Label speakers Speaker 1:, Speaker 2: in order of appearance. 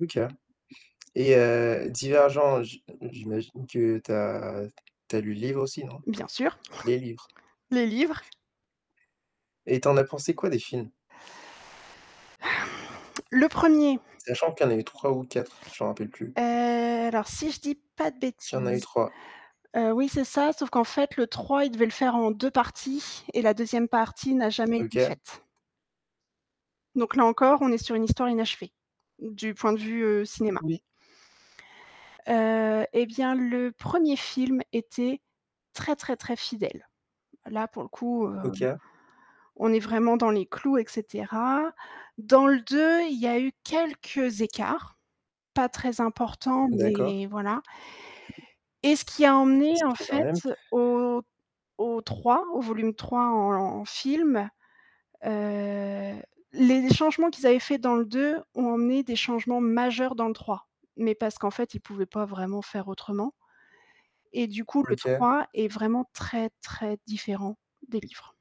Speaker 1: OK, et heu, Divergents, j'i j'imagine que tu as tu as lu le livre aussi non?
Speaker 2: Bien sûr
Speaker 1: Les livres.
Speaker 2: le livre.
Speaker 1: Et tu en as pensé quoi des films?
Speaker 2: Le 1er.
Speaker 1: Sachant qu'il y a eu 3 ou 4, je m'en rappelle plus.
Speaker 2: Heu, alors si je dis pas de
Speaker 1: Qu'il y en a eu
Speaker 2: bêtises,
Speaker 1: 3.
Speaker 2: heu, oui c'est ça sauf qu'en fait le 3 il devait le faire en 2 parties et la 2e partie n'a jamais été
Speaker 1: OK.
Speaker 2: faite. Donc là encore on est sur une histoire inachevée du point de vue, heu, cinéma.
Speaker 1: Oui.
Speaker 2: Heu et bien, le 1er film était très très très fidèle. Là pour le coup, heu,
Speaker 1: OK.
Speaker 2: on est vraiment dans les clous, et cetera, dans le 2, il y a eu quelques écarts, pas très importants,
Speaker 1: D'accord.
Speaker 2: mais voilà et ce qui a
Speaker 1: Il
Speaker 2: emmené en
Speaker 1: s'est fait quand même.
Speaker 2: fait au au 3, au volume 3 en en film, heu, les changements qu'ils avaient faits dans le 2 ont amené des changements majeurs dans le 3, mais parce qu'en fait, ils pouvaient pas vraiment faire autrement et du coup, le
Speaker 1: OK.
Speaker 2: 3 est vraiment très, très différent des livres.